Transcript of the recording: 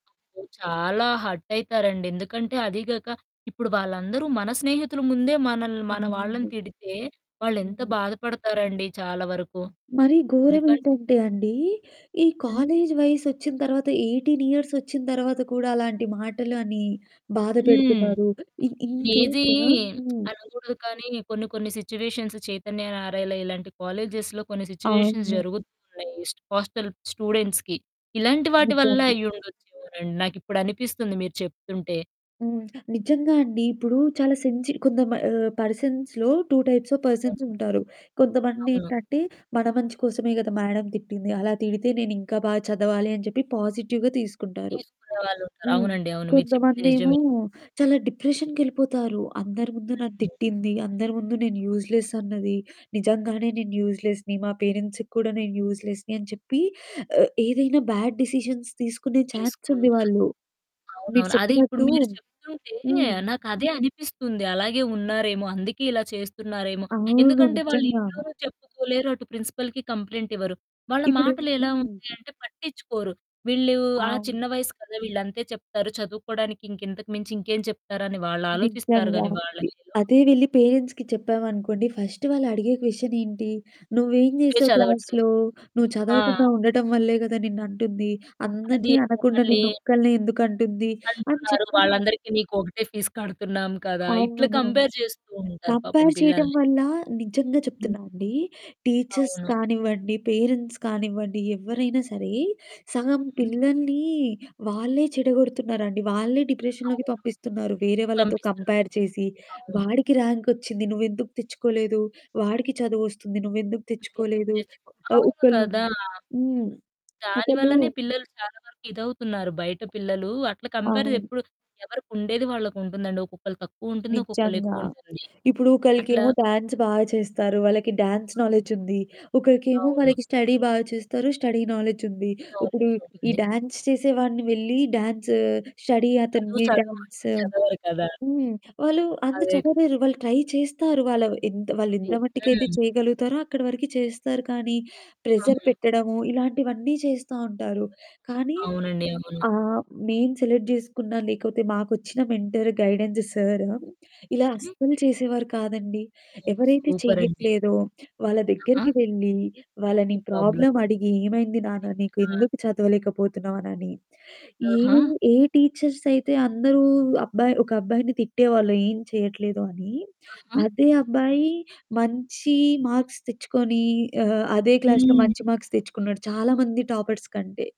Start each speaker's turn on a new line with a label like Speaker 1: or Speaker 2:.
Speaker 1: చాలా హర్ట్ అయితారండి. ఎందుకంటే అదీ కాక ఇప్పుడు వాళ్ళందరూ మన స్నేహితుల ముందే మనల్ని మన వాళ్ళని
Speaker 2: అవునండి.
Speaker 1: తిడితే వాళ్ళు ఎంత
Speaker 2: హ్మ్.
Speaker 1: బాధపడతారండి చాలా వరకు.
Speaker 2: మరి
Speaker 1: ఎందుకంటే
Speaker 2: ఘోరమేంటంటే అండి, ఈ
Speaker 1: హ్మ్.
Speaker 2: కాలేజీ వయసొచ్చిన తర్వాత, 18 ఇయర్స్ వచ్చిన తర్వాత కూడా అలాంటి మాటలు అని
Speaker 1: హ్మ్.
Speaker 2: బాధపెడుతున్నారు. ఇన్
Speaker 1: లేజీ
Speaker 2: ఇన్‌కేసు హ్మ్.
Speaker 1: అనకూడదు. కానీ, కొన్ని కొన్ని సిట్యుయేషన్స్‌ 'చైతన్య', 'నారాయణా' ఇలాంటి కాలేజెస్‌లో కొన్ని సిట్యుయేషన్స్
Speaker 2: అవును.
Speaker 1: జరుగుతున్నాయి. హోస్టల్ స్టూడెంట్స్‌కి ఇలాంటి వాటి వల్ల
Speaker 2: నిజంగా.
Speaker 1: అయ్యుండొచ్చు రన్ నాకిప్పుడు అనిపిస్తుంది మీరు చెప్తుంటే.
Speaker 2: హ్మ్. నిజంగా అండి. ఇప్పుడు చాలా సెన్సీ కొంత మా ఆహ్, పర్సన్స్‌లో 2 టైప్స్ ఆఫ్
Speaker 1: అవును.
Speaker 2: పర్సన్స్ ఉంటారు.
Speaker 1: అవును.
Speaker 2: కొంతమందేంటంటే, "మన మంచి కోసమే గదా! మేడమ్ తిట్టింది. అలా తిడితే నేనింకా బాగా చదవాలి" అని చెప్పి పాజిటివ్‌గా తీసుకుంటారు.
Speaker 1: తీసుకునే వాళ్ళుంటరు.
Speaker 2: హ్మ్.
Speaker 1: అవునండి అవును. మీరు చెప్పింది
Speaker 2: కొంతమందేమో
Speaker 1: నిజమే.
Speaker 2: చాలా డిప్రెషన్‌కెళ్ళిపోతారు. "అందరి ముందు నన్ను
Speaker 1: హ్మ్.
Speaker 2: తిట్టింది. అందరి ముందు నేను యూజ్‌లెస్ అన్నది. నిజంగానే నేను యూజ్‌లెస్‌ని, మా పేరెంట్స్‌కి కూడా నేను యూజ్‌లెస్‌ని" అని చెప్పి, ఆహ్, ఏదైనా బ్యాడ్ డెసిషన్స్ తీసుకునే ఛాన్స్ ఉంది
Speaker 1: తీసుకుంటారు.
Speaker 2: వాళ్ళు. మీరు
Speaker 1: అవునవును. అదే ఇప్పుడు
Speaker 2: చెప్పినట్టు
Speaker 1: మీరు చెప్తుంటే
Speaker 2: హ్మ్.
Speaker 1: నాకదే అనిపిస్తుంది. అలాగే ఉన్నారేమో, అందుకే ఇలా చేస్తున్నారేమో.
Speaker 2: అవును,
Speaker 1: ఎందుకంటే వాళ్ళు
Speaker 2: నిజంగా.
Speaker 1: ఇంట్లో చెప్పుకోలేరు, అటు ప్రిన్సిపల్‌కి కంప్లెయింట్ ఇవ్వరు. వాళ్ళ
Speaker 2: ఇప్పుడు
Speaker 1: మాటలేలా ఉంటాయి
Speaker 2: [unintelligible]
Speaker 1: అంటే పట్టించుకోరు. వీళ్ళు ఆ చిన్న
Speaker 2: అవును.
Speaker 1: వయసు కదా! వీళ్ళు అంతే చెప్తారు చదువుకోవడానికి. ఇంక ఇంతకు మించి ఇంకేం చెప్తారు అని వాళ్ళు ఆలోచిస్తారు.
Speaker 2: నిజంగా.
Speaker 1: కానీ
Speaker 2: ఈ
Speaker 1: వాళ్ళసలు.
Speaker 2: అదే వెళ్ళి పేరెంట్స్‌కి చెప్పామనుకోండి. ఫస్ట్ వాళ్ళు అడిగే క్వెషనేంటి? "నువ్వేం
Speaker 1: నువ్వే
Speaker 2: చేశావు
Speaker 1: చదవట్లేదు.
Speaker 2: క్లాస్‌లో? నువ్వు
Speaker 1: ఆ!
Speaker 2: చదవకుండా ఉండటం వల్లే గదా! నిన్ను అంటుంది.
Speaker 1: అది
Speaker 2: అందరిని అనకుండా
Speaker 1: మళ్ళీ
Speaker 2: నిన్ను ఒక్కల్నే ఎందుకు అంటుంది?" అని
Speaker 1: అంటున్నారు,
Speaker 2: చెప్పి
Speaker 1: "వాళ్ళందరికీ నీకు ఒకటే ఫీస్ కడుతున్నాం కదా!" ఇట్లా
Speaker 2: అవును.
Speaker 1: కంపేర్ చేస్తూ ఉంటారు పాపం
Speaker 2: కంపేర్ చేయటం
Speaker 1: పిల్లల్ని.
Speaker 2: వల్ల నిజంగా
Speaker 1: హ్మ్.
Speaker 2: చెప్తున్నానండి. టీచర్స్
Speaker 1: అవును.
Speaker 2: కానివ్వండి, పేరెంట్స్ కానివ్వండి, ఎవ్వరైనా సరే సగం
Speaker 1: హ్మ్.
Speaker 2: పిల్లల్ని వాళ్ళే చెడగొడుతున్నారండి. వాళ్ళే డిప్రెషన్‌లోకి
Speaker 1: అవును.
Speaker 2: పంపిస్తున్నారు. వేరే వాళ్ళతో
Speaker 1: పంపిస్తున్నారు.
Speaker 2: కంపేర్ చేసి,
Speaker 1: అవును.
Speaker 2: "వాడికి ర్యాంకొచ్చింది. నువ్వెందుకు తెచ్చుకోలేదు? వాడికి చదువోస్తుంది, నువ్వెందుకు తెచ్చుకోలేదు?" ఆహ్,
Speaker 1: అవును
Speaker 2: ఒకళ్ళు
Speaker 1: కదా!
Speaker 2: హ్మ్, ఒకళ్ళు
Speaker 1: దానివల్లనే పిల్లలు చాలా వరకు ఇదవుతున్నారు. బయట పిల్లలు అట్లా కంపారిజ
Speaker 2: అవును.
Speaker 1: ఎప్పుడు, ఎవరికుండేది వాళ్ళకుంటుందండి. ఒక్కొక్కళ్ళకి తక్కువుంటుంది. ఒక్కొక్కళ్ళ
Speaker 2: నిజంగా.
Speaker 1: ఎక్కువ ఉంటుంది.
Speaker 2: ఇప్పుడు
Speaker 1: అట్లా
Speaker 2: ఒకళ్ళకేమో డాన్స్ బాగా చేస్తారు. వాళ్ళకి డాన్స్ నాలెడ్జుంది. ఒకరికేమో
Speaker 1: అవును.
Speaker 2: వాళ్ళకి స్టడీ బాగా చేస్తారు, స్టడీ నాలెడ్జుంది. ఇప్పుడు
Speaker 1: నాలెడ్జ్
Speaker 2: ఈ
Speaker 1: ఉంటుంది.
Speaker 2: డాన్స్ చేసేవాడిని వెళ్లి డాన్సు, స్టడీ
Speaker 1: చదువు
Speaker 2: అతన్ని
Speaker 1: చదువు అంటే
Speaker 2: డాన్సు
Speaker 1: చదవరు కదా!
Speaker 2: హ్మ్. వాళ్ళు అంత
Speaker 1: అదే కదా!
Speaker 2: చదవలేరు వాళ్ళు ట్రై చేస్తారు. వాలవే ఎంత వాళ్ళ ఎంత
Speaker 1: ఉంది.
Speaker 2: మట్టుకైతే
Speaker 1: హ్మ్.
Speaker 2: చేయగలుగుతారో అక్కడి వరకు చేస్తారు. కానీ, ప్రెజర్
Speaker 1: అవును.
Speaker 2: పెట్టడము ఇలాంటివన్నీ చేస్తా ఉంటారు. కానీ
Speaker 1: అవునండి, అవును.
Speaker 2: ఆహ్, నేను సెలెక్ట్ చేసుకున్నా, లేకపోతే మాకొచ్చిన మెంటరు గైడెన్స్ సరు ఇలా
Speaker 1: హ్మ్.
Speaker 2: అస్సలు చేసేవారు కాదండి. ఎవరైతే
Speaker 1: సూపర్ అండి.
Speaker 2: చెయ్యట్లేదో వాళ్ళ
Speaker 1: ఆ!
Speaker 2: దగ్గరికి వెళ్లి,
Speaker 1: ఈ
Speaker 2: వాళ్ళని
Speaker 1: ప్రాబ్లమ్.
Speaker 2: ప్రాబ్లమ్ అడిగి, "ఏమైంది నాన్న? నీకు ఎందుకు చదవలేకపోతున్నావు?" అనని ఏ
Speaker 1: ఆహా!
Speaker 2: ఏ టీచర్స్ అయితే అందరూ అబ్బాయి ఒక అబ్బాయిని తిట్టేవాళ్ళు, "ఏం చేయట్లేదు" అని.
Speaker 1: ఆహా!
Speaker 2: అదే అబ్బాయి మంచి మార్క్స్ తెచ్చుకొని ఆహ్, అదే క్లాస్‌లో
Speaker 1: హ్మ్.
Speaker 2: మంచి మార్క్స్ తెచ్చుకున్నాడు. చాలా మంది టాపర్స్ కంటే.